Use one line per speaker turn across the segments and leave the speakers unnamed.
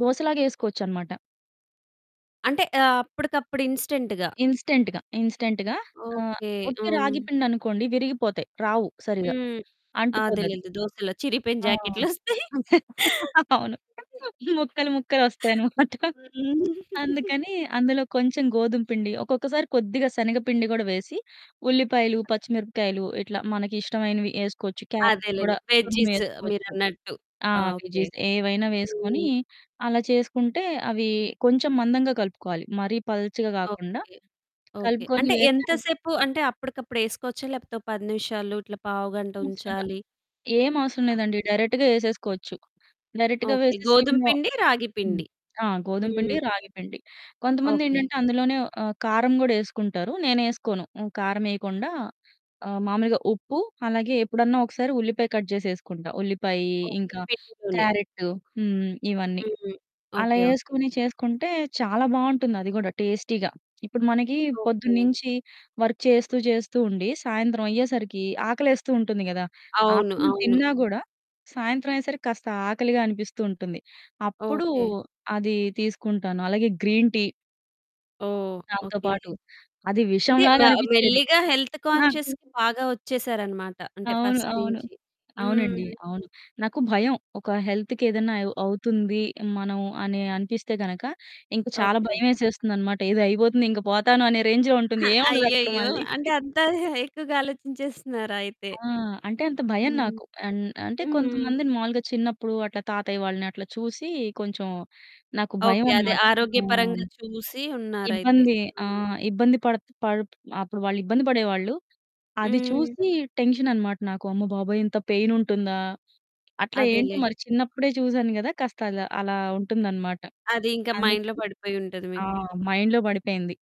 దోశ లాగా ఏసుకోవచ్చనమాట.
అంటే, ఆహ్, అప్పడికప్పుడు ఇన్‌స్టంట్‌గా.
ఇన్‌స్టంట్‌గా. ఇన్‌స్టంట్‌గా, ఆ!
ఓకే.
వుట్టి
హ్మ్.
రాగిపిండనుకోండి విరిగిపోతయి. రావు సరిగ్గా.
హ్మ్.
అంటుకోదది.
అదేలేండి దోశల్లో చిరిగిపోయిన
ఆ!
జాకెట్లు ఒస్తయి.
అవును. ముక్కలు ముక్కలు ఒస్తాయనమాట. అందుకని అందులో కొంచెం గోధుమ పిండి. ఒక్కొక్కసారి కొద్దిగా శనగపిండి గూడా వేసి, ఉల్లిపాయలు, పచ్చిమిరపకాయలు, ఇట్లా మనకి ఇష్టమైనవి ఏసుకోవచ్చు. క్యారెటు
అదేలెండి.
గూడా
వెజ్జీస్
తురుమేసుకోవచ్చు.
మీరన్నట్టు.
ఆ!
ఓకే.
వెజ్జీస్ ఏవైనా వేసుకొని
హ్మ్.
అలా చేసుకుంటే అవి కొంచెం మందంగా కలుపుకోవాలి. మరీ పల్చగా గాకుండా
ఓకే. ఓకే.
కలుపుకొని
అంటే
వేస్తే
ఎంత సేపు? అంటే అప్పడికప్పుడు ఏసుకోవచ్చా? లేపోతే ఒక 10 నిమిషాలు ఇట్లా పావుగంట
అవసరంలా.
ఉంచాలి
ఏం అవసరం
ఆ!
లేదండి. డైరెక్ట్‌గా ఏసేసుకోవచ్చు. డైరెక్ట్‌గా
ఓకే.
వేసి
గోధుమ
సిమ్‌లో
పిండి,
హ్మ్.
రాగిపిండి.
ఆ! గోధుమపిండి,
హ్మ్.
రాగిపిండి.
ఓకే.
కొంతమందేంటంటే అందులోనే ఆహ్, కారం గూడా ఏసుకుంటారు. నేనేసుకోను. ఆహ్, కారమేయకుండా ఆహ్, మామూలుగా ఉప్పు, అలాగే ఎప్పుడన్నా ఒకసారి ఉల్లిపాయ కట్ జేసి ఏసుకుంటా. ఉల్లిపాయి,
ఓకే.
ఇంకా
పెట్టుకొని.
క్యారెటు, హ్మ్ ఇవన్నీ.
హ్మ్.
అలా
ఓకే. ఓకే.
ఏసుకొని చేసుకుంటే చాలా బావుంటుంది అది గూడా టేస్టీగా. ఇప్పుడు మనకి
ఓకే.
పొద్దున్నించి వర్క్ చేస్తూ జేస్తూ ఉండి, సాయంత్రం అయ్యేసరికి ఆకలేస్తూ ఉంటుంది గదా!
అవును.
ఆఫ్టర్‌నూన్
అవును.
తిన్నా గూడా సాయంత్రం అయ్యేసరికి కాస్త ఆకలిగా అనిపిస్తూ ఉంటుంది. అప్పుడు
ఓకే.
అది తీసుకుంటాను. అలాగే గ్రీన్ టీ.
ఓహ్!
దాంతో
ఓకే.
పాటు. అది విషం
అంటే,
లాగా
మె
అనిపిచ్చేది
మెల్లిగా హెల్త్
నాకు.
కాన్షియస్‌కి బాగా ఒచ్చేసారనమాట. అంటే
అవును.
ఫస్ట్
అవును.
నుంచి.
అవునండి.
హ్మ్.
అవును. నాకు భయం. ఒక హెల్త్‌కి ఏదన్నా అవ్ అవుతుంది. మనం అని అనిపిస్తే గనక ఇంక చాలా
ఓకే.
భయమేసేస్తుందన్నమాట. ఏదో అయిబోతుంది, ఇంక బోతాను, అనే రేంజ్‌లో ఉంటుంది. ఏముండదక్కడ
అయ్యయ్యో!
మళ్ళీ.
అంటే అంత ఎక్కువగా ఆలోచించేస్తున్నారా అయితే?
ఆ! అంటే అంత భయం
హ్మ్.
నాకు. అన్ అంటే
హ్మ్.
కొంతమందిని మాములుగా చిన్నప్పుడు అట్లా తాతయ్య వాళ్ళని అట్లా చూసి కొంచెం నాకు
ఓకే. అదే
భయమనమాట.
ఆరోగ్యపరంగా
అవును.
చూసి ఉన్నారైతే.
ఇబ్బంది.
ఆ!
ఆ! ఇబ్బంది పడుతు పడు అప్పుడు వాళ్ళు ఇబ్బంది బడేవాళ్ళు. అది
హ్మ్.
చూసి టెన్షన్ అన్నమాట నాకు. అమ్మబాబోయ్! ఇంత పెయిన్ ఉంటుందా? అట్లా ఏంటో
అదేలే.
మరి చిన్నప్పుడే చూసాను గదా! కాస్తలా అలా ఉంటుందన్నమాట.
అది ఇంకా మైండ్‌లో
అందుకని
పడిపోయుంటది
ఆ!
మీకు.
మైండ్‌లో బడిపోయింది.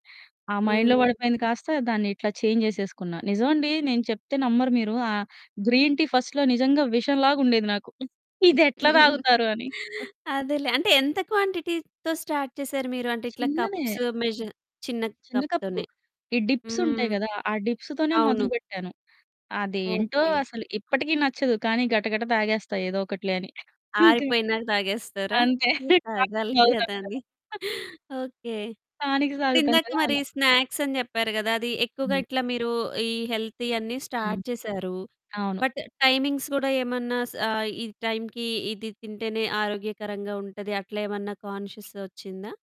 ఆ మైండ్‌లో
హ్మ్.
బడిపోయింది కాస్త దాన్నిట్లా చేంజ్ జేసేసుకున్న. నిజమండి నేను చెప్తే నమ్మరు మీరు ఆహ్, గ్రీన్ టీ ఫస్ట్‌లో నిజంగా విషం లాగా ఉండేది నాకు. ఇదెట్లా తాగుతారు అని? ఆ!
అదేలే. అంటే, ఎంత క్వాంటిటీతో స్టార్ట్ చేశారు మీరు? అంటే ఇట్లా
చిన్నదే.
కప్స్ మెజర్ చిన్న
చ్ చిన్న కప్పు.
కప్‌తోనే.
ఈ డిప్స్ ఉంటాయి
హ్మ్.
గదా! ఆ డిప్స్‌తోనే
అవును.
మొదలుబెట్టాను. అదేంటో
ఓకే.
అసలు ఇప్పటికీ నచ్చదు. కానీ, గట గట తాగేస్తా ఏదో ఒకటిలే అని. అంతే.
ఆరిపోయినాక తాగేస్తారా?
అంతే.
మీరు
టానిక్
తాగాలి
దాగుతాం
గదా
గదా!
అని. ఓకే.
టానిక్స్ తాగుతాం
ఇప్పుడిందాక
గదా!
మరి
అలా.
స్నాక్స్ అని జెప్పారు గదా! అది ఎక్కువగా
హ్మ్.
ఇట్లా మీరు ఈ హెల్తీ అన్నీ
హ్మ్.
స్టార్ట్ చేశారు.
అవును.
బట్ టైమింగ్స్ కూడా ఏమన్నా సా ఈ టైమ్‌కి ఇది తింటేనే ఆరోగ్యకరంగా ఉంటది అట్లా ఏమన్నా కాన్షియస్ ఒచ్చిందా?